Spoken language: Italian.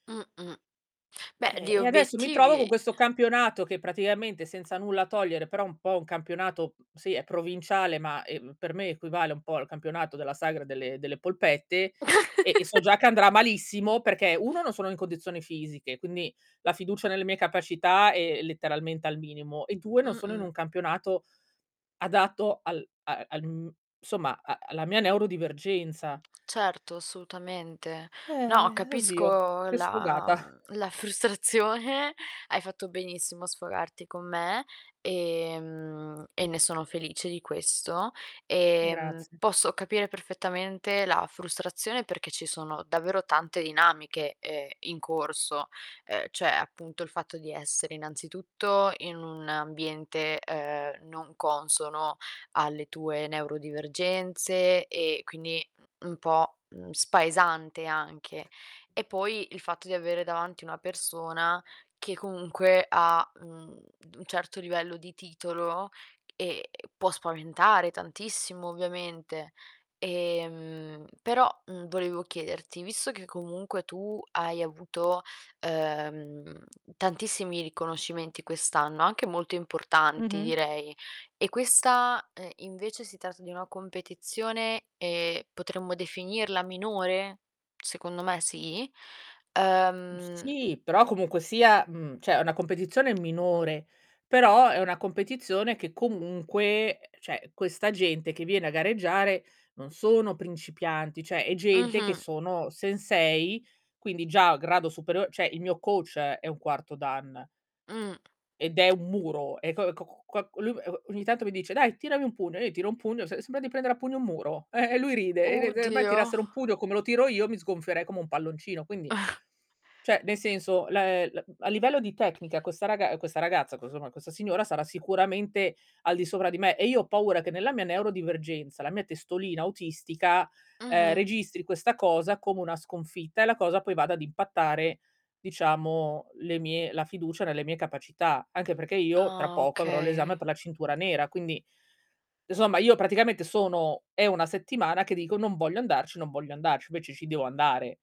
Mh mh. Beh, Eh, di e adesso mi trovo co' obiettivi questo campionato che praticamente, senza nulla togliere, però un po' un campionato sì è provinciale, ma, ehm, per me equivale un po' al campionato della sagra delle delle polpette e e so già che andrà malissimo perché: uno non sono in condizioni fisiche, quindi la fiducia nelle mie capacità è letteralmente al minimo; e 2 non sono in Mh-mh. un campionato adatto al a al m somma a alla mia neurodivergenza. Certo assolutamente. No Eh, oddio capisco che la sfogata. mhmm, la frustrazione, hai fatto benissimo a sfogarti con me e, mhmm, e ne sono felice di questo e Grazie. posso capire perfettamente la frustrazione perché ci sono davvero tante dinamiche, ehm, in corso, ehm, cioè, appunto il fatto di essere innanzitutto in un ambiente, ehm, non consono alle tue neurodivergenze e quindi un po', mhmm, spaesante anche. E poi il fatto di avere davanti una persona che comunque ha un d un certo livello di titolo e può spaventare tantissimo ovviamente. Ehm, però, mhmm, volevo chiederti, visto che comunque tu hai avuto, ehm, tantissimi riconoscimenti quest'anno, anche molto importanti Mh-mh. direi, e questa, ehm, invece si tratta di una competizione, ehm, potremmo definirla minore? Secondo me sì. Mhmm, Ehm sì però comunque sia, mhmm, cioè, è una competizione minore, però è una competizione che comunque uhm, cioè, questa gente che viene a gareggiare non sono principianti, cioè è gente che Mh-mh. sono sensei, quindi già a grado superio cioè, il mio coach è un 4º Dan Mh. ed è un muro. E co c c co lui e o ogni tanto mi dice: "Dai tirami un pugno", e io gl tiro un pugno se sembra di prendere a pugno un muro eh, e lui ride, e de Uh, de me Dio. tirassero un pugno come lo tiro io mi sgonfierei come un palloncino. Quindi, cioè nel senso la è a livello di tecnica questa raga questa ragazza [unintelligible] questa signora sarà sicuramente al di sopra di me e io ho paura che nella mia neurodivergenza, la mia testolina autistica, ehm, Mh-mh. registri questa cosa come una sconfitta e la cosa poi vada ad impattare diciamo le mie la fiducia nelle mie capacità. Anche perché io tra Ah, poco avrò l'esame okay. per la cintura nera, quindi e somma io praticamente sono è 1 settimana che dico: "Non voglio andarci, non voglio andarci", invece ci devo andare.